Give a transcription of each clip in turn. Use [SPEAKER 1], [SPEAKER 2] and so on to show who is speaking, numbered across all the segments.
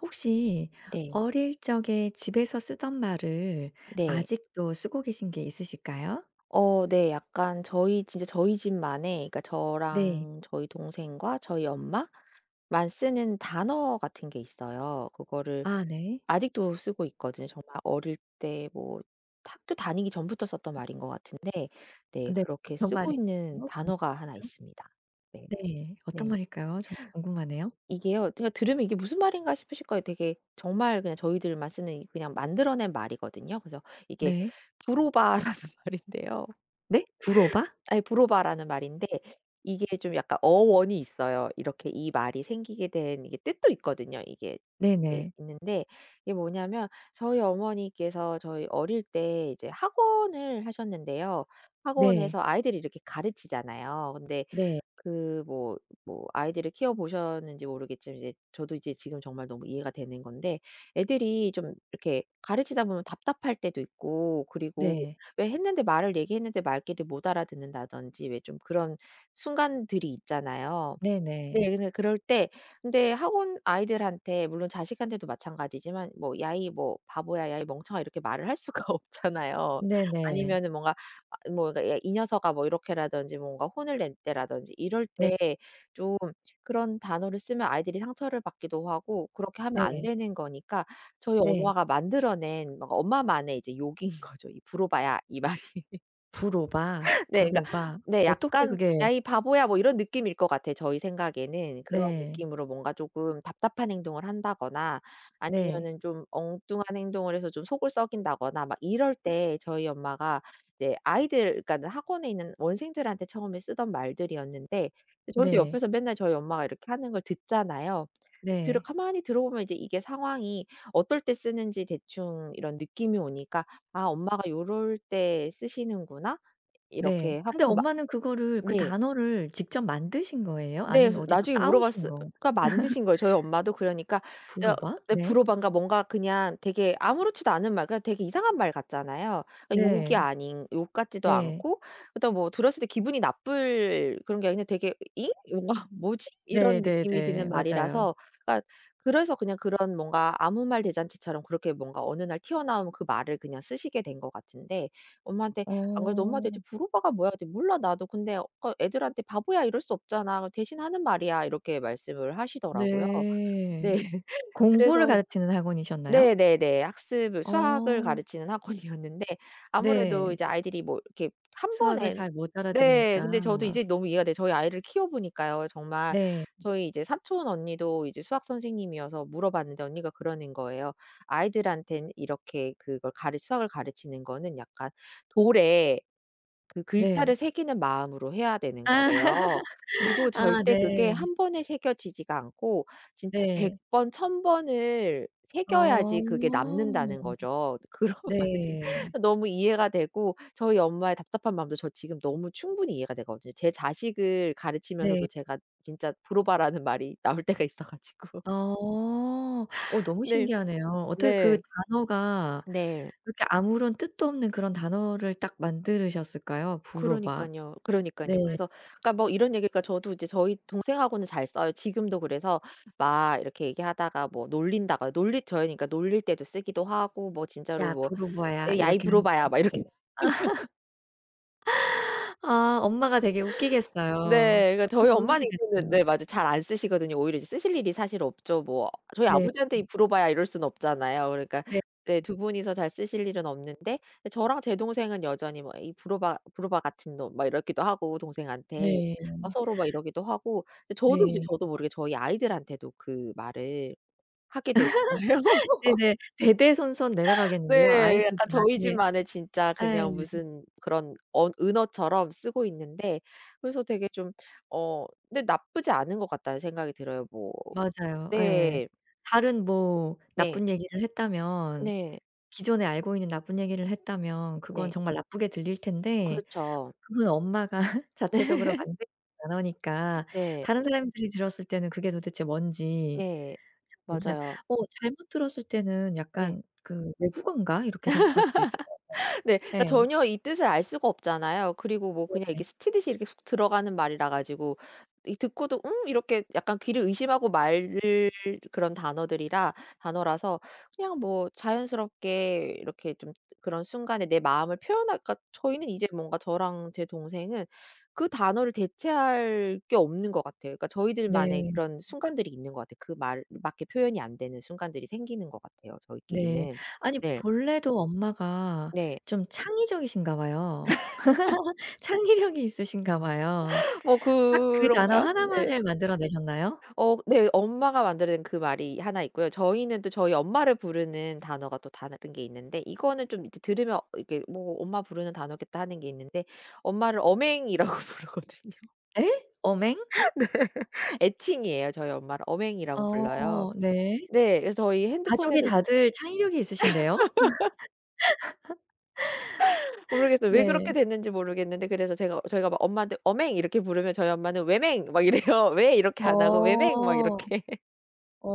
[SPEAKER 1] 혹시
[SPEAKER 2] 네.
[SPEAKER 1] 어릴 적에 집에서 쓰던 말을
[SPEAKER 2] 네.
[SPEAKER 1] 아직도 쓰고 계신 게 있으실까요?
[SPEAKER 2] 어 네. 약간 저희 진짜 저희 집만의 그니까
[SPEAKER 1] 네.
[SPEAKER 2] 저랑 저희 동생과 저희 엄마만 쓰는 단어 같은 게 있어요. 그거를
[SPEAKER 1] 아 네.
[SPEAKER 2] 아직도 쓰고 있거든요. 정말 어릴 때 뭐 학교 다니기 전부터 썼던 말인 것 같은데 네
[SPEAKER 1] 네.
[SPEAKER 2] 그렇게
[SPEAKER 1] 어떤 말일까요?
[SPEAKER 2] 쓰고 있는 단어가 1
[SPEAKER 1] 궁금하네요?
[SPEAKER 2] 있습니다. 네.
[SPEAKER 1] 네. 어떤
[SPEAKER 2] 네.
[SPEAKER 1] 말일까요? 정말 궁금하네요.
[SPEAKER 2] 이게요. 그냥 들으면 이게 무슨 말인가 싶으실 거예요. 되게 정말 그냥 저희들만 쓰는 그냥 만들어낸 말이거든요. 그래서 이게
[SPEAKER 1] 네.
[SPEAKER 2] 부로바라는 말인데요.
[SPEAKER 1] 네? 구로바?
[SPEAKER 2] 아이 부로바라는 말인데 이게 좀 약간 어원이 있어요. 이렇게 이 말이 생기게 된 이게 뜻도 있거든요. 이게 이게
[SPEAKER 1] 네네.
[SPEAKER 2] 있는데 이게 뭐냐하면 저희 어머니께서 저희 어릴 때 이제 학원을 하셨는데요.
[SPEAKER 1] 네.
[SPEAKER 2] 학원에서 아이들을 이렇게 가르치잖아요. 근데
[SPEAKER 1] 네.
[SPEAKER 2] 그 뭐 뭐 아이들을 키워 보셨는지 모르겠지만 이제 저도 이제 지금 정말 너무 이해가 되는 건데 애들이 좀 이렇게 가르치다 보면 답답할 때도 있고 그리고
[SPEAKER 1] 네.
[SPEAKER 2] 왜 했는데 말을 얘기했는데 말귀를 못 알아듣는다든지 왜 좀 그런 순간들이 있잖아요.
[SPEAKER 1] 네네.
[SPEAKER 2] 네. 그래서 그럴 때 근데 학원 아이들한테 물론 자식한테도 마찬가지지만 뭐 "야이 뭐 바보야. 야이 멍청아." 이렇게 말을 할 수가 없잖아요.
[SPEAKER 1] 네네.
[SPEAKER 2] 아니면은 뭔가 아 뭐 그러니까 "야 이 녀석아." 뭐 이렇게라든지 뭔가 혼을 낼 때라든지 이럴
[SPEAKER 1] 네.
[SPEAKER 2] 때 좀 그런 단어를 쓰면 아이들이 상처를 받기도 하고 그렇게 하면 안
[SPEAKER 1] 네.
[SPEAKER 2] 되는 거니까 저희
[SPEAKER 1] 네.
[SPEAKER 2] 엄마가 만들어낸 뭔가 엄마만의 이제 욕인 거죠. "이 부로바야." 이 말이.
[SPEAKER 1] 부로바
[SPEAKER 2] 네 그러니까
[SPEAKER 1] 부로바.
[SPEAKER 2] 네
[SPEAKER 1] 어떻게
[SPEAKER 2] 약간
[SPEAKER 1] 그게
[SPEAKER 2] "야 이 바보야." 뭐 이런 느낌일 것 같아요 저희 생각에는. 그런
[SPEAKER 1] 네.
[SPEAKER 2] 느낌으로 뭔가 쪼금 답답한 행동을 한다거나
[SPEAKER 1] 네.
[SPEAKER 2] 아니면은 좀 엉뚱한 행동을 해서 좀 속을 썩인다거나 막 이럴
[SPEAKER 1] 음.
[SPEAKER 2] 때 저희 엄마가 이제 아이들 그러니까 학원에 있는 원생들한테 처음에 쓰던 말들이었는데 저희도
[SPEAKER 1] 네.
[SPEAKER 2] 옆에서 맨날 저희 엄마가 이렇게 하는 걸 듣잖아요. 들어
[SPEAKER 1] 네.
[SPEAKER 2] 가만히 들어보면 이제 이게 상황이 어떨 때 쓰는지 대충 이런 느낌이 오니까 '아 엄마가 요럴 때 쓰시는구나.'
[SPEAKER 1] 네.
[SPEAKER 2] 이렇게
[SPEAKER 1] 근데
[SPEAKER 2] 하고 그 막
[SPEAKER 1] 엄마는 그거를 그
[SPEAKER 2] 네.
[SPEAKER 1] 단어를 직접 만드신 거예요?
[SPEAKER 2] 네.
[SPEAKER 1] 아니면
[SPEAKER 2] 그래서
[SPEAKER 1] 어디서
[SPEAKER 2] 나중에
[SPEAKER 1] 따오신
[SPEAKER 2] 물어봤으 어
[SPEAKER 1] 거
[SPEAKER 2] 그냥 만드신 거예요. 저희 엄마도 그러니까 저
[SPEAKER 1] 부로바?
[SPEAKER 2] 어
[SPEAKER 1] 네.
[SPEAKER 2] 브로반가 뭔가 그냥 되게 아무렇지도 않은 말 그냥 되게 이상한 말 같잖아요. 어 욕이
[SPEAKER 1] 네.
[SPEAKER 2] 아닌 욕 같지도
[SPEAKER 1] 네.
[SPEAKER 2] 않고 그렇다고 뭐 들었을 때 기분이 나쁠 그런 게 아니고 되게 '잉?' 뭔가 '뭐지?' 이런 느낌이
[SPEAKER 1] 네네네.
[SPEAKER 2] 드는
[SPEAKER 1] 맞아요.
[SPEAKER 2] 말이라서 그러니까 그래서 그냥 그런 뭔가 아무 말 대잔치처럼 그렇게 뭔가 어느 날 튀어나온 그 말을 그냥 쓰시게 된 것 같은데 엄마한테 안 그래도 "엄마
[SPEAKER 1] 어.
[SPEAKER 2] 대체 부로바가 뭐야?" 그랬더니 "몰라 나도. 근데 어 그러니까 애들한테 바보야 이럴 수 없잖아. 그래서 대신하는 말이야." 이렇게 말씀을 하시더라고요. 네.
[SPEAKER 1] 네. 공부를
[SPEAKER 2] 그래서
[SPEAKER 1] 가르치는 학원이셨나요?
[SPEAKER 2] 네네네. 학습을 수학을
[SPEAKER 1] 어.
[SPEAKER 2] 가르치는 학원이었는데 아무래도
[SPEAKER 1] 네.
[SPEAKER 2] 이제 아이들이 뭐 이렇게 1
[SPEAKER 1] 수학을
[SPEAKER 2] 번에
[SPEAKER 1] 잘 못
[SPEAKER 2] 네
[SPEAKER 1] 알아들으니까.
[SPEAKER 2] 근데 저도 이제 너무 이해가 돼요. 저희 아이를 키워보니까요. 정말
[SPEAKER 1] 네.
[SPEAKER 2] 저희 이제 사촌 언니도 이제 수학 선생님이어서 물어봤는데 언니가 그러는 거예요. 아이들한테는 이렇게 그걸 가르 수학을 가르치는 거는 약간 돌에 그
[SPEAKER 1] 네.
[SPEAKER 2] 글자를 새기는 마음으로 해야 되는
[SPEAKER 1] 아
[SPEAKER 2] 거래요. 그리고
[SPEAKER 1] 아
[SPEAKER 2] 절대 그게
[SPEAKER 1] 네.
[SPEAKER 2] 1 번에 새겨지지가 않고 진짜 100
[SPEAKER 1] 네.
[SPEAKER 2] 번 1,000 번을
[SPEAKER 1] 어.
[SPEAKER 2] 새겨야지 그게 남는다는 거죠. 그런 말을
[SPEAKER 1] 네.
[SPEAKER 2] 듣 너무 이해가 되고 저희 엄마의 답답한 마음도 저 지금 너무 충분히 이해가 되거든. 제 자식을 가르치면서도
[SPEAKER 1] 네.
[SPEAKER 2] 제가 진짜 브로바라는 말이 나올 때가 있어 가지고
[SPEAKER 1] 어. 어 너무
[SPEAKER 2] 네.
[SPEAKER 1] 신기하네요. 어떻게 그
[SPEAKER 2] 네.
[SPEAKER 1] 단어가
[SPEAKER 2] 네.
[SPEAKER 1] 그렇게 아무런 뜻도 없는 그런 단어를 딱 만들으셨을까요? 부로바.
[SPEAKER 2] 그러니깐요,
[SPEAKER 1] 네.
[SPEAKER 2] 그러니깐요. 그래서 그러니까 뭐 이런 얘기니까 저도 이제 저희 동생하고는 잘 써요. 지금도 그래서 막 이렇게 얘기하다가 뭐 놀린다거나 놀릴 저희는 그니까 놀릴 때도 쓰기도 하고 뭐 진짜로
[SPEAKER 1] "야
[SPEAKER 2] 뭐
[SPEAKER 1] 부로바야."
[SPEAKER 2] "에이 야 이
[SPEAKER 1] 이렇게 하는 거예요?
[SPEAKER 2] 브로바야." 막 이렇게
[SPEAKER 1] 아 엄마가 되게 웃기겠어요.
[SPEAKER 2] 네. 그러니까
[SPEAKER 1] 옆에서
[SPEAKER 2] 저희 엄마는 이제는
[SPEAKER 1] 웃으시겠어요.
[SPEAKER 2] 네 맞아요. 잘 안 쓰시거든요. 오히려 쓰실 일이 사실 없죠. 뭐 저희
[SPEAKER 1] 네
[SPEAKER 2] 아버지한테
[SPEAKER 1] 음.
[SPEAKER 2] "이 브로바야." 이럴 수는 없잖아요. 그러니까
[SPEAKER 1] 네
[SPEAKER 2] 네
[SPEAKER 1] 음.
[SPEAKER 2] 2 분이서 잘 쓰실 일은 없는데 저랑 제 동생은 여전히 뭐 "이 브로바, 브로바 같은 놈." 막 이렇기도 하고 동생한테.
[SPEAKER 1] 네.
[SPEAKER 2] 막 서로 막 이러기도 하고 저도 이제
[SPEAKER 1] 네.
[SPEAKER 2] 저도 모르게 저희 아이들한테도 그 말을 하게 되는 거예요.
[SPEAKER 1] 네네. 대대손손 내려가겠는데요.
[SPEAKER 2] 네.
[SPEAKER 1] 아이들도
[SPEAKER 2] 약간 저희
[SPEAKER 1] 나중에
[SPEAKER 2] 집만의 진짜
[SPEAKER 1] 예.
[SPEAKER 2] 그냥 무슨 그런 언 은어처럼 쓰고 있는데 그래서 되게 좀 어 네 '나쁘지 않은 것 같다.'는 생각이 들어요 뭐
[SPEAKER 1] 맞아요. 예.
[SPEAKER 2] 네.
[SPEAKER 1] 다른 뭐
[SPEAKER 2] 네.
[SPEAKER 1] 나쁜 얘기를 했다면
[SPEAKER 2] 네.
[SPEAKER 1] 기존에 알고 있는 나쁜 얘기를 했다면 그건
[SPEAKER 2] 네.
[SPEAKER 1] 정말 나쁘게 들릴 텐데
[SPEAKER 2] 그렇죠.
[SPEAKER 1] 그건 엄마가 자체적으로
[SPEAKER 2] 네.
[SPEAKER 1] 만든 단어니까
[SPEAKER 2] 네.
[SPEAKER 1] 다른 사람들이 들었을 때는 그게 도대체 뭔지
[SPEAKER 2] 네.
[SPEAKER 1] 잘 모르잖
[SPEAKER 2] 맞아요.
[SPEAKER 1] 어 잘못 들었을 때는
[SPEAKER 2] 네.
[SPEAKER 1] 약간 그 '외국어인가?' 이렇게 생각할 수도 있을 거
[SPEAKER 2] 네. 그러니까
[SPEAKER 1] 같아요. 예.
[SPEAKER 2] 전혀 이 뜻을 알 수가 없잖아요. 그리고 뭐 그냥
[SPEAKER 1] 네네.
[SPEAKER 2] 이렇게 스치듯이 이렇게 쑥 들어가는 말이라 가지고 이 듣고도 '음?' 이렇게 약간 귀를 의심하고 말을 그런 단어들이라 단어라서 그냥 뭐 자연스럽게 이렇게 좀 그런 순간에 내 마음을 표현할까 저희는 이제 뭔가 저랑 제 동생은 그 단어를 대체할 게 없는 것 같아요. 그러니까 저희들만의
[SPEAKER 1] 네.
[SPEAKER 2] 그런 순간들이 있는 것 같아요. 그 말 밖에 표현이 안 되는 순간들이 생기는 것 같아요
[SPEAKER 1] 네.
[SPEAKER 2] 저희끼리는.
[SPEAKER 1] 아니
[SPEAKER 2] 네.
[SPEAKER 1] 본래도 엄마가
[SPEAKER 2] 네.
[SPEAKER 1] 좀 창의적이신가 봐요. 창의력이 있으신가 봐요.
[SPEAKER 2] 뭐
[SPEAKER 1] 딱 그
[SPEAKER 2] 그런
[SPEAKER 1] 단어
[SPEAKER 2] 가요? 네.
[SPEAKER 1] 하나만을 만들어 내셨나요?
[SPEAKER 2] 어 네. 엄마가 만들어낸 그 말이 1 있고요. 저희는 또 저희 엄마를 부르는 단어가 또 다른 게 있는데 이거는 좀 이제 드 들으면 이게 뭐 '엄마 부르는 단어겠다.' 하는 게 있는데 엄마를 어맹이라고 부르거든요.
[SPEAKER 1] 예? 어맹?
[SPEAKER 2] 네. 애칭이에요. 저희 엄마를 어맹이라고 불러요.
[SPEAKER 1] 어 네.
[SPEAKER 2] 네. 그래서 저희
[SPEAKER 1] 가족이
[SPEAKER 2] 핸드폰에도
[SPEAKER 1] 다들 창의력이 있으신데요?
[SPEAKER 2] 모르겠어요. 왜
[SPEAKER 1] 네.
[SPEAKER 2] 그렇게 됐는지 모르겠는데 그래서 제가 저희가 막 엄마한테 "어맹." 이렇게 부르면 저희 엄마는 "왜맹?" 막 이래요. "왜?" 이렇게
[SPEAKER 1] 어.
[SPEAKER 2] 안 하고 "왜맹?" 막 이렇게.
[SPEAKER 1] 어.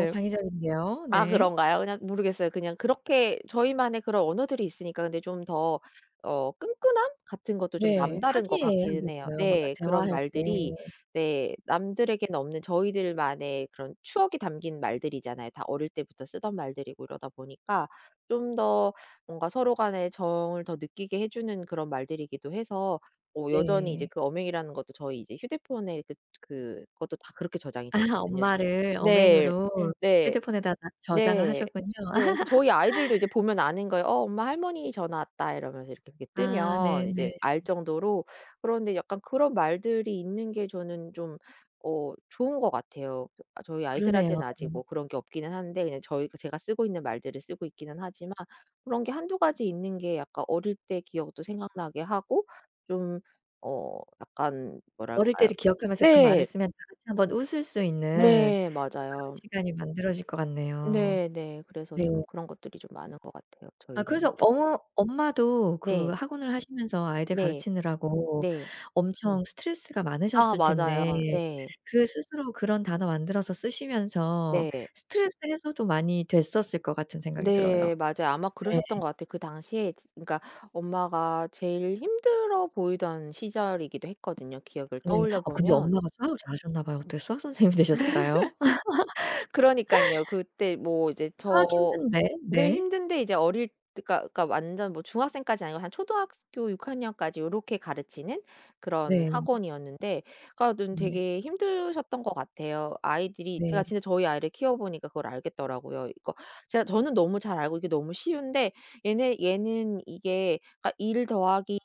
[SPEAKER 1] 어 창의적인데요.
[SPEAKER 2] 아
[SPEAKER 1] 네.
[SPEAKER 2] 그런가요? 그냥 모르겠어요. 그냥 그렇게 저희만의 그런 언어들이 있으니까 근데 좀 더 어 끈끈함 같은 것도 좀
[SPEAKER 1] 네.
[SPEAKER 2] 남다른 것 같기는 해요.
[SPEAKER 1] 화기애애하겠어요 뭔가
[SPEAKER 2] 네. 그런
[SPEAKER 1] 대화할 때.
[SPEAKER 2] 말들이 네. 남들에겐 없는 저희들만의 그런 추억이 담긴 말들이잖아요. 다 어릴 때부터 쓰던 말들이고 이러다 보니까 좀 더 뭔가 서로 간의 정을 더 느끼게 해 주는 그런 말들이기도 해서 뭐 여전히 이제
[SPEAKER 1] 네.
[SPEAKER 2] 그 어맹이라는 것도 저희 이제 휴대폰에 그 그것도 다 그렇게 저장이
[SPEAKER 1] 아
[SPEAKER 2] 돼 있거든요 저
[SPEAKER 1] 엄마를
[SPEAKER 2] 네.
[SPEAKER 1] 어맹으로
[SPEAKER 2] 네.
[SPEAKER 1] 휴대폰에다가 저장을
[SPEAKER 2] 네.
[SPEAKER 1] 하셨군요.
[SPEAKER 2] 네. 그래서 저희 아이들도 이제 보면 아는 거예요. "어 엄마. 할머니 전화 왔다." 이러면서 이렇게 그게
[SPEAKER 1] 아
[SPEAKER 2] 뜨면
[SPEAKER 1] 네네.
[SPEAKER 2] 이제 알 정도로. 그런데 약간 그런 말들이 있는 게 저는 좀 어 좋은 것 같아요. 저 저희
[SPEAKER 1] 그러네요.
[SPEAKER 2] 아이들한테는 아직 뭐 그런 게 없기는 한데 그냥 저희 제가 쓰고 있는 말들을 쓰고 있기는 하지만 그런 게 1-2 가지 있는 게 약간 어릴 때 기억도 생각나게 하고 좀 어 약간
[SPEAKER 1] 어릴
[SPEAKER 2] 뭐랄까요
[SPEAKER 1] 때를 기억하면서 그 말을
[SPEAKER 2] 네.
[SPEAKER 1] 쓰면 다 같이 한번 웃을 수 있는
[SPEAKER 2] 네.
[SPEAKER 1] 또 그런
[SPEAKER 2] 맞아요.
[SPEAKER 1] 시간이 만들어질 것 같네요.
[SPEAKER 2] 네 네. 그래서
[SPEAKER 1] 네.
[SPEAKER 2] 좀 그런 것들이 좀 많은 것 같아요
[SPEAKER 1] 아
[SPEAKER 2] 저희는.
[SPEAKER 1] 그래서 어머 엄마도 그
[SPEAKER 2] 네.
[SPEAKER 1] 학원을 하시면서 아이들
[SPEAKER 2] 네.
[SPEAKER 1] 가르치느라고
[SPEAKER 2] 네.
[SPEAKER 1] 엄청 스트레스가
[SPEAKER 2] 아
[SPEAKER 1] 많으셨을 텐데
[SPEAKER 2] 맞아요. 네.
[SPEAKER 1] 그 스스로 그런 단어 만들어서 쓰시면서
[SPEAKER 2] 네.
[SPEAKER 1] 스트레스 해소도 많이 됐었을 것 같은 생각이 들어요.
[SPEAKER 2] 네. 맞아요. 아마
[SPEAKER 1] 네.
[SPEAKER 2] 그러셨던 것 같아요. 그 당시에 지 그러니까 엄마가 제일 힘들어 보이던 시절이기도 했거든요 기억을
[SPEAKER 1] 네.
[SPEAKER 2] 떠올려
[SPEAKER 1] 아 근데
[SPEAKER 2] 보면.
[SPEAKER 1] 엄마가 수학을 잘 하셨나 봐요. 어떻게 수학 선생님이 되셨을까요?
[SPEAKER 2] 그러니깐요. 그때 뭐 이제
[SPEAKER 1] 수학
[SPEAKER 2] 저
[SPEAKER 1] 힘든데.
[SPEAKER 2] 네
[SPEAKER 1] 네.
[SPEAKER 2] 힘든데 이제 어릴 때 그러니까 그러니까 완전 뭐 중학생까지는 아니고 한 초등학교 6 학년까지 요렇게 가르치는 그런
[SPEAKER 1] 네 음.
[SPEAKER 2] 학원이었는데 그러니까는
[SPEAKER 1] 음 예.
[SPEAKER 2] 되게 힘드셨던 것 같아요. 아이들이 제가
[SPEAKER 1] 네.
[SPEAKER 2] 진짜 저희 아이를 키워보니까 그걸 알겠더라고요. 그러니까 제가 저는 너무 잘 알고 이게 너무 쉬운데 얘네 얘는 이게 그러니까 1 더하기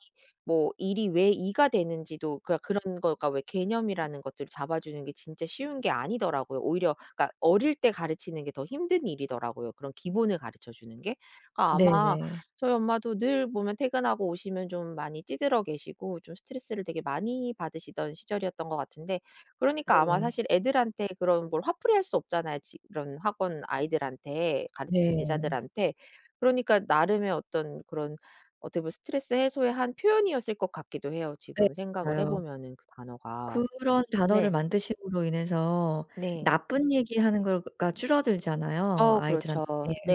[SPEAKER 2] 뭐 1 이 왜 2 가 되는지도 그러니까 그런 거가 왜 개념이라는 것들을 잡아주는 게 진짜 쉬운 게 아니더라고요. 오히려 그러니까 어릴 때 가르치는 게 더 힘든 일이더라고요 그런 기본을 가르쳐 주는 게. 그러니까 아마
[SPEAKER 1] 네네.
[SPEAKER 2] 저희 엄마도 늘 보면 퇴근하고 오시면 좀 많이 찌들어 계시고 좀 스트레스를 되게 많이 받으시던 시절이었던 것 같은데 그러니까 아마
[SPEAKER 1] 네네.
[SPEAKER 2] 사실 애들한테 그런 뭘 화풀이할 수 없잖아요 지 그런 학원 아이들한테 가르치는
[SPEAKER 1] 네.
[SPEAKER 2] 제자들한테. 그러니까 나름의 어떤 그런 어떻게 보면 스트레스 해소의 한 표현이었을 것 같기도 해요
[SPEAKER 1] 예.
[SPEAKER 2] 지금 생각을 해
[SPEAKER 1] 맞아요.
[SPEAKER 2] 보면은 그 단어가.
[SPEAKER 1] 그런 단어를
[SPEAKER 2] 네.
[SPEAKER 1] 만드심으로 인해서
[SPEAKER 2] 네.
[SPEAKER 1] 나쁜 얘기 하는 거가 줄어들잖아요.
[SPEAKER 2] 어
[SPEAKER 1] 아이들한테
[SPEAKER 2] 그렇죠.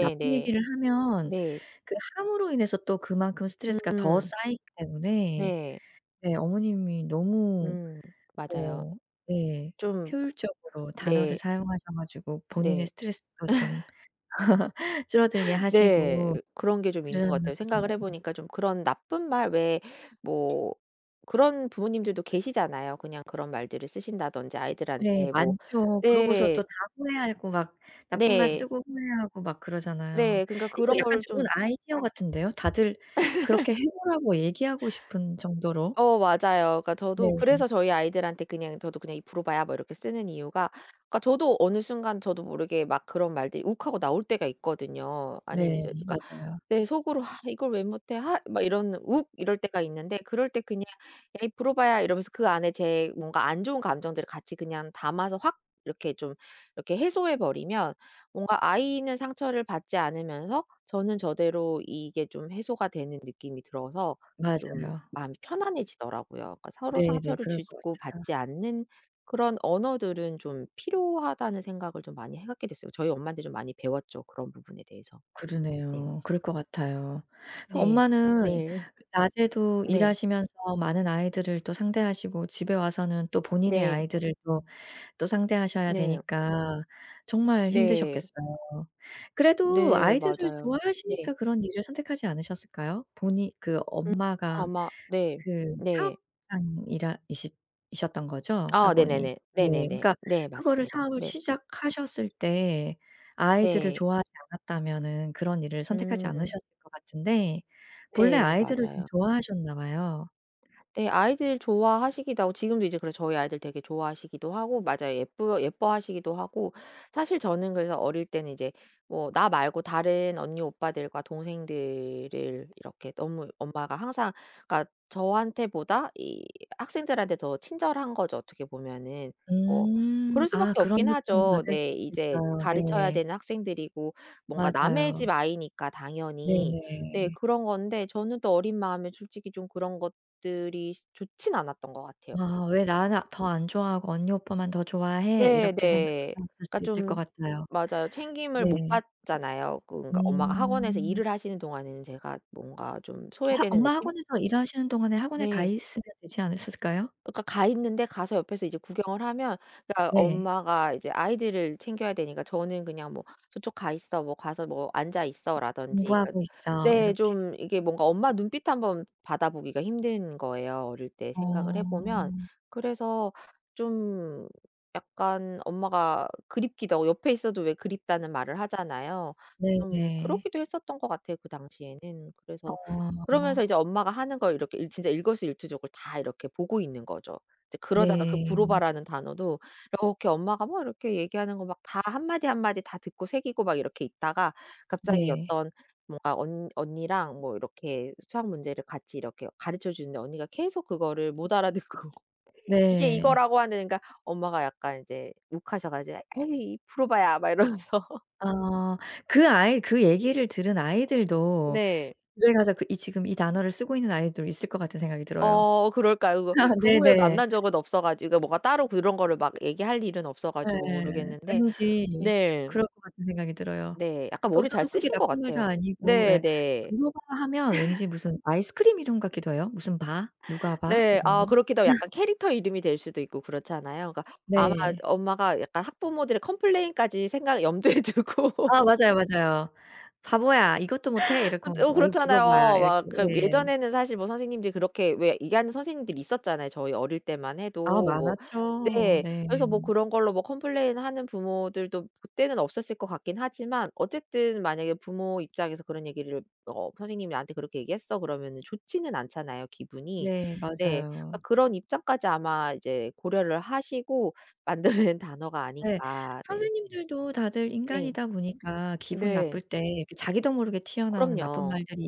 [SPEAKER 1] 나쁜 얘기를 하면
[SPEAKER 2] 네.
[SPEAKER 1] 그 함으로 인해서 또 그만큼 스트레스가 더
[SPEAKER 2] 음.
[SPEAKER 1] 쌓이기 때문에
[SPEAKER 2] 네.
[SPEAKER 1] 네 어머님이 너무
[SPEAKER 2] 음 맞아요.
[SPEAKER 1] 어 네
[SPEAKER 2] 좀
[SPEAKER 1] 효율적으로 단어를
[SPEAKER 2] 네.
[SPEAKER 1] 사용하셔 가지고 본인의
[SPEAKER 2] 네.
[SPEAKER 1] 스트레스가 좀 줄어들게
[SPEAKER 2] 네.
[SPEAKER 1] 하시고
[SPEAKER 2] 그런 게 좀 있는 것
[SPEAKER 1] 그러셨나
[SPEAKER 2] 같아요. 생각을
[SPEAKER 1] 보네요.
[SPEAKER 2] 해 보니까 좀 그런 나쁜 말 왜 뭐 그런 부모님들도 계시잖아요. 그냥 그런 말들을 쓰신다든지
[SPEAKER 1] 네.
[SPEAKER 2] 아이들한테 뭐
[SPEAKER 1] 많죠. 그러고서 또
[SPEAKER 2] 네.
[SPEAKER 1] 다 후회하고 막 나쁜 말
[SPEAKER 2] 네.
[SPEAKER 1] 쓰고 후회하고 막 그러잖아요.
[SPEAKER 2] 네. 그러니까
[SPEAKER 1] 이거
[SPEAKER 2] 그런
[SPEAKER 1] 약간
[SPEAKER 2] 거를
[SPEAKER 1] 좋은
[SPEAKER 2] 좀
[SPEAKER 1] 아이디어 같은데요. 다들 그렇게 해 보라고 얘기하고 싶은 정도로.
[SPEAKER 2] 어 맞아요. 그러니까
[SPEAKER 1] 네.
[SPEAKER 2] 저도 그래서 저희 아이들한테 그냥 저도 그냥 "이 브로바야." 뭐 이렇게 쓰는 이유가 그러니까 저도 어느 순간 저도 모르게 막 그런 말들이 욱하고 나올 때가 있거든요. 아니면
[SPEAKER 1] 네.
[SPEAKER 2] 이제 누가
[SPEAKER 1] 맞아요.
[SPEAKER 2] 내 속으로 '하 이걸 왜 못해? 하.' 막 이런 욱 이럴 때가 있는데 그럴 때 그냥 "에이 브로바야." 이러면서 그 안에 제 뭔가 안 좋은 감정들을 같이 그냥 담아서 확 이렇게 좀 이렇게 해소해 버리면 뭔가 아이는 상처를 받지 않으면서 저는 저대로 이게 좀 해소가 되는 느낌이 들어서 좀
[SPEAKER 1] 맞아요.
[SPEAKER 2] 마음이 편안해지더라고요. 그러니까 '서로
[SPEAKER 1] 네네.
[SPEAKER 2] 상처를
[SPEAKER 1] 그럴
[SPEAKER 2] 주지
[SPEAKER 1] 것
[SPEAKER 2] 고
[SPEAKER 1] 같아요.
[SPEAKER 2] 받지 않는 그런 언어들은 좀 필요하다.'는 생각을 좀 많이 하게 됐어요. 저희 엄마한테 좀 많이 배웠죠 그런 부분에 대해서. 네.
[SPEAKER 1] 그러네요. 그럴 것 같아요.
[SPEAKER 2] 네.
[SPEAKER 1] 엄마는
[SPEAKER 2] 네.
[SPEAKER 1] 낮에도
[SPEAKER 2] 네.
[SPEAKER 1] 일하시면서 많은 아이들을 또 상대하시고 집에 와서는 또 본인의
[SPEAKER 2] 네.
[SPEAKER 1] 아이들을 또 또 상대하셔야
[SPEAKER 2] 네.
[SPEAKER 1] 되니까 정말
[SPEAKER 2] 네.
[SPEAKER 1] 힘드셨겠어요. 그래도
[SPEAKER 2] 네.
[SPEAKER 1] 아이들을
[SPEAKER 2] 맞아요. 네.
[SPEAKER 1] 좋아하시니까 그런 일을 선택하지 않으셨을까요? 본인 그
[SPEAKER 2] 음
[SPEAKER 1] 엄마가
[SPEAKER 2] 아마 네.
[SPEAKER 1] 그
[SPEAKER 2] 네.
[SPEAKER 1] 사업장이라 이싰 이셨던 거죠?
[SPEAKER 2] 아
[SPEAKER 1] 학원이?
[SPEAKER 2] 네네네.
[SPEAKER 1] 네.
[SPEAKER 2] 네네네.
[SPEAKER 1] 그러니까
[SPEAKER 2] 네
[SPEAKER 1] 그거를
[SPEAKER 2] 맞습니다.
[SPEAKER 1] 사업을
[SPEAKER 2] 네.
[SPEAKER 1] 시작하셨을 때 아이들을
[SPEAKER 2] 네.
[SPEAKER 1] 좋아하지 않았다면은 그런 일을 선택하지
[SPEAKER 2] 음.
[SPEAKER 1] 않으셨을 것 같은데 본래
[SPEAKER 2] 네.
[SPEAKER 1] 아이들을 좀
[SPEAKER 2] 맞아요.
[SPEAKER 1] 좋아하셨나 봐요.
[SPEAKER 2] 네. 아이들 좋아하시기도 하고 지금도 이제 그래 저희 아이들 되게 좋아하시기도 하고 맞아요 예뻐 예뻐하시기도 하고. 사실 저는 그래서 어릴 때는 이제 뭐 나 말고 다른 언니 오빠들과 동생들을 이렇게 너무 엄마가 항상 그러니까 저한테보다 이 학생들한테 더 친절한 거죠 어떻게 보면은. 뭐
[SPEAKER 1] 음.
[SPEAKER 2] 그럴 수
[SPEAKER 1] 아
[SPEAKER 2] 밖에
[SPEAKER 1] 그런
[SPEAKER 2] 없긴
[SPEAKER 1] 느낌
[SPEAKER 2] 하죠.
[SPEAKER 1] 받을
[SPEAKER 2] 네
[SPEAKER 1] 수
[SPEAKER 2] 이제
[SPEAKER 1] 있겠어요.
[SPEAKER 2] 가르쳐야
[SPEAKER 1] 네.
[SPEAKER 2] 되는 학생들이고 뭔가 남의
[SPEAKER 1] 맞아요.
[SPEAKER 2] 집 아이니까 당연히. 네
[SPEAKER 1] 네네.
[SPEAKER 2] 그런 건데 저는 또 어린 마음에 솔직히 좀 그런 것들이 좋진 않았던 것 같아요.
[SPEAKER 1] 아 '왜 나나 더 안 좋아하고 언니 오빠만 더 좋아해?'
[SPEAKER 2] 네.
[SPEAKER 1] 이렇게
[SPEAKER 2] 네.
[SPEAKER 1] 생각하셨을
[SPEAKER 2] 그러니까
[SPEAKER 1] 수 있을 것
[SPEAKER 2] 좀
[SPEAKER 1] 같아요.
[SPEAKER 2] 맞아요. 챙김을 못
[SPEAKER 1] 네.
[SPEAKER 2] 받잖아요. 그러니까 엄마가 학원에서
[SPEAKER 1] 음.
[SPEAKER 2] 일을 하시는 동안에는 제가 뭔가 좀
[SPEAKER 1] 학
[SPEAKER 2] 소외되는
[SPEAKER 1] 엄마
[SPEAKER 2] 느낌?
[SPEAKER 1] 학원에서 일하시는 동안에 학원에 가
[SPEAKER 2] 네.
[SPEAKER 1] 있으면 되지 않으셨을까요?
[SPEAKER 2] 그러니까 가 있는데 가서 옆에서 이제 구경을 하면 그러니까
[SPEAKER 1] 네.
[SPEAKER 2] 엄마가 이제 아이들을 챙겨야 되니까 저는 그냥 뭐 "저쪽 가 있어. 뭐 가서 뭐 앉아 있어."라든지 그
[SPEAKER 1] "공부하고 있어."
[SPEAKER 2] 네
[SPEAKER 1] 이렇게.
[SPEAKER 2] 좀 이게 뭔가 엄마 눈빛 1 번 받아 보기가 힘든 거예요 어릴 때 생각을 해 보면.
[SPEAKER 1] 어.
[SPEAKER 2] 그래서 좀 약간 엄마가 그립기도 하고 옆에 있어도 왜 그립다는 말을 하잖아요. 좀
[SPEAKER 1] 네네.
[SPEAKER 2] 그러기도 했었던 것 같아요 그 당시에는. 그래서
[SPEAKER 1] 어.
[SPEAKER 2] 그러면서 이제 엄마가 하는 걸 이렇게 일 진짜 일거수일투족을 다 이렇게 보고 있는 거죠. 이제 그러다가 그
[SPEAKER 1] 네.
[SPEAKER 2] 브로바라는 단어도 이렇게 엄마가 막 이렇게 얘기하는 거 막 다 1 마디, 1 마디 다 듣고 새기고 막 이렇게 있다가 갑자기
[SPEAKER 1] 네.
[SPEAKER 2] 어떤 뭔가 언 언니랑 뭐 이렇게 수학 문제를 같이 이렇게 가르쳐 주는데 언니가 계속 그거를 못 알아듣고 "이게
[SPEAKER 1] 네.
[SPEAKER 2] 이거라고." 하는 그러니까 엄마가 약간 이제 욱 하셔 가지 "에이 브로바야" 막 이러면서
[SPEAKER 1] 아. 그 아이 그 얘기를 들은 아이들도
[SPEAKER 2] 네.
[SPEAKER 1] 집에 가서 그 이 지금 이 단어를 쓰고 있는 아이도 있을 것 같은 생각이 들어요.
[SPEAKER 2] 어 그럴까요 그거? 그
[SPEAKER 1] 네
[SPEAKER 2] 후에
[SPEAKER 1] 네.
[SPEAKER 2] 만난 적은 없어 가지고 뭔가 따로 그런 거를 막 얘기할 일은 없어 가지고
[SPEAKER 1] 예.
[SPEAKER 2] 모르겠는데
[SPEAKER 1] 왠지
[SPEAKER 2] 네.
[SPEAKER 1] 그럴 것 같은 생각이 들어요.
[SPEAKER 2] 네. 약간
[SPEAKER 1] 또
[SPEAKER 2] 머리 잘
[SPEAKER 1] 별로 크게
[SPEAKER 2] 쓰신 것
[SPEAKER 1] 나쁜 말도
[SPEAKER 2] 같아요.
[SPEAKER 1] 아니고 예
[SPEAKER 2] 네네.
[SPEAKER 1] 브로바 하면 왠지 무슨 아이스크림 이름 같기도 해요. 무슨 바, 누가바,
[SPEAKER 2] 네.
[SPEAKER 1] 이런
[SPEAKER 2] 아
[SPEAKER 1] 거.
[SPEAKER 2] 그렇기도 하고 약간 캐릭터 이름이 될 수도 있고 그렇잖아요. 그러니까 아마
[SPEAKER 1] 네.
[SPEAKER 2] 엄마가 약간 학부모들의 컴플레인까지 생각 염두에
[SPEAKER 1] 아
[SPEAKER 2] 두고.
[SPEAKER 1] 맞아요, 맞아요. "바보야 이것도 못해?" 이러고
[SPEAKER 2] 그것도 어
[SPEAKER 1] "뭐 이
[SPEAKER 2] 그렇잖아요.
[SPEAKER 1] 브로바야." 이렇게
[SPEAKER 2] 막 그
[SPEAKER 1] 예.
[SPEAKER 2] 예전에는 사실 뭐 선생님들이 그렇게 왜 얘기하는 선생님들이 있었잖아요 저희 어릴 때만 해도
[SPEAKER 1] 아.
[SPEAKER 2] 뭐
[SPEAKER 1] 많았죠.
[SPEAKER 2] 네.
[SPEAKER 1] 네.
[SPEAKER 2] 그래서 뭐 그런 걸로 뭐 컴플레인하는 부모들도 그때는 없었을 것 같긴 하지만 어쨌든 만약에 부모 입장에서 그런 얘기를 "어 선생님이 나한테 그렇게 얘기했어." 그러면은 좋지는 않잖아요 기분이.
[SPEAKER 1] 네.
[SPEAKER 2] 네. 그러니까
[SPEAKER 1] 맞아요.
[SPEAKER 2] 그런 입장까지 아마 이제 고려를 하시고 만들어 낸 단어가
[SPEAKER 1] 네.
[SPEAKER 2] 아닌가. 네.
[SPEAKER 1] 선생님들도 다들
[SPEAKER 2] 네.
[SPEAKER 1] 인간이다 보니까 기분
[SPEAKER 2] 네.
[SPEAKER 1] 나쁠 때 그 자기도 모르게 튀어나오는 나쁜
[SPEAKER 2] 그럼요.
[SPEAKER 1] 말들이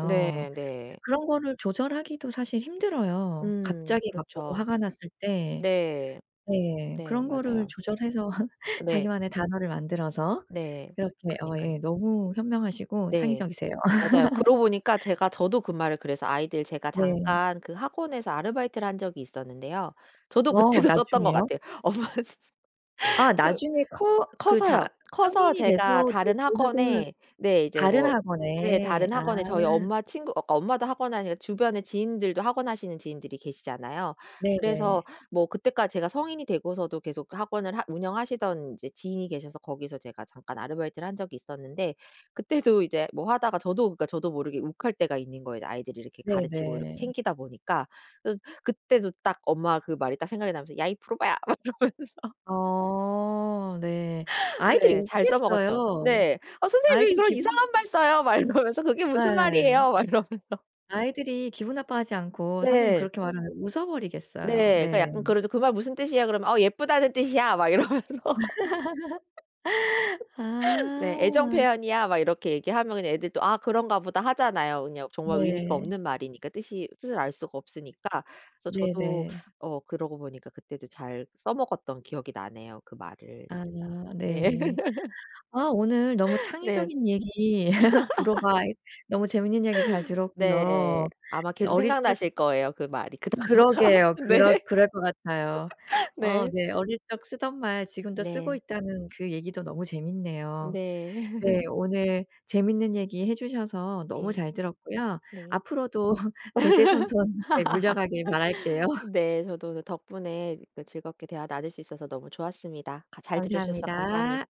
[SPEAKER 2] 네. 네.
[SPEAKER 1] 그런 거를 조절하기도 사실 힘들어요
[SPEAKER 2] 음
[SPEAKER 1] 갑자기 막 너무
[SPEAKER 2] 그렇죠.
[SPEAKER 1] 화가 났을 때.
[SPEAKER 2] 네.
[SPEAKER 1] 네.
[SPEAKER 2] 네.
[SPEAKER 1] 그런 거를
[SPEAKER 2] 맞아요.
[SPEAKER 1] 조절해서
[SPEAKER 2] 네.
[SPEAKER 1] 자기만의 단어를 만들어서
[SPEAKER 2] 네.
[SPEAKER 1] 이렇게 어
[SPEAKER 2] 그러니깐.
[SPEAKER 1] 예 너무 현명하시고
[SPEAKER 2] 네.
[SPEAKER 1] 창의적이세요.
[SPEAKER 2] 맞아요. 그러고 보니까 제가 저도 그 말을 그래서 아이들 제가
[SPEAKER 1] 네.
[SPEAKER 2] 잠깐 그 학원에서 아르바이트를 한 적이 있었는데요. 저도
[SPEAKER 1] 어
[SPEAKER 2] 그때도 썼던 것
[SPEAKER 1] 나중에요?
[SPEAKER 2] 같아요. 엄마
[SPEAKER 1] 아
[SPEAKER 2] 그
[SPEAKER 1] 나중에 커 그 자
[SPEAKER 2] 커서요. 커서
[SPEAKER 1] 성인이
[SPEAKER 2] 제가
[SPEAKER 1] 돼서도
[SPEAKER 2] 다른
[SPEAKER 1] 교직원을
[SPEAKER 2] 학원에 네 이제
[SPEAKER 1] 다른
[SPEAKER 2] 뭐 네
[SPEAKER 1] 학원에.
[SPEAKER 2] 다른
[SPEAKER 1] 아.
[SPEAKER 2] 학원에 저희 엄마 친구 어 엄마도 학원 하니까 주변에 지인들도 학원 하시는 지인들이 계시잖아요. 그래서
[SPEAKER 1] 네네.
[SPEAKER 2] 뭐 그때까지 제가 성인이 되고서도 계속 그 학원을 하 운영하시던 이제 지인이 계셔서 거기서 제가 잠깐 아르바이트를 한 적이 있었는데 그때도 이제 뭐 하다가 저도 그러니까 저도 모르게 욱할 때가 있는 거예요 아이들을 이렇게 가르치고 이렇게
[SPEAKER 1] 네네.
[SPEAKER 2] 챙기다 보니까. 그래서 그때도 딱 엄마 그 말이 딱 생각이 나면서 "야 이 브로바야." 막 이러면서.
[SPEAKER 1] 아 네. 아이들이
[SPEAKER 2] 네. 잘 써먹었죠.
[SPEAKER 1] 웃겠어요.
[SPEAKER 2] 네. "어 선생님 왜
[SPEAKER 1] 아이들이
[SPEAKER 2] 그런
[SPEAKER 1] 기분
[SPEAKER 2] 이상한 말 써요?" 말 그러면서 "그게 무슨
[SPEAKER 1] 예.
[SPEAKER 2] 말이에요?" 막 이러면서.
[SPEAKER 1] 아이들이 기분 나빠하지 않고 선생님이
[SPEAKER 2] 네.
[SPEAKER 1] 그렇게 말하면 웃어버리겠어요.
[SPEAKER 2] 네. 그러니까
[SPEAKER 1] 네.
[SPEAKER 2] 약간 그러죠. "그 말 무슨 뜻이야?" 그러면 "어. 예쁘다는 뜻이야." 막 이러면서.
[SPEAKER 1] 아.
[SPEAKER 2] 네. "애정 표현이야." 막 이렇게 얘기하면 그냥 애들도 "아 그런가 보다." 하잖아요 그냥 정말 의미가
[SPEAKER 1] 네.
[SPEAKER 2] 없는 말이니까 뜻이 뜻을 알 수가 없으니까. 그래서 저도
[SPEAKER 1] 네네.
[SPEAKER 2] 어 그러고 보니까 그때도 잘 써먹었던 기억이 나네요 그 말을
[SPEAKER 1] 아.
[SPEAKER 2] 진짜. 네.
[SPEAKER 1] 네. 아 오늘 너무
[SPEAKER 2] 네.
[SPEAKER 1] 창의적인 얘기 브로바 너무 재밌는 얘기 잘
[SPEAKER 2] 네.
[SPEAKER 1] 들었고요.
[SPEAKER 2] 아마 계속
[SPEAKER 1] 어릴 적
[SPEAKER 2] 생각나실 거예요 그 말이 그 단어가.
[SPEAKER 1] 그러게요. 그러
[SPEAKER 2] 네.
[SPEAKER 1] 그럴 것 같아요. 어
[SPEAKER 2] 네.
[SPEAKER 1] 네. 어릴 적 쓰던 말 지금도 쓰고
[SPEAKER 2] 네.
[SPEAKER 1] 있다는 그 얘기도 너무 재밌네요.
[SPEAKER 2] 네.
[SPEAKER 1] 네. 오늘 재밌는 얘기 해 주셔서 너무
[SPEAKER 2] 네.
[SPEAKER 1] 잘 들었고요.
[SPEAKER 2] 네.
[SPEAKER 1] 앞으로도 대대손손 네 물려가길 바랄게요.
[SPEAKER 2] 네. 저도 오늘 덕분에 이거 즐겁게 대화 나눌 수 있어서 너무 좋았습니다. 가 잘 들어주셔서 감사합니
[SPEAKER 1] 감사합니다.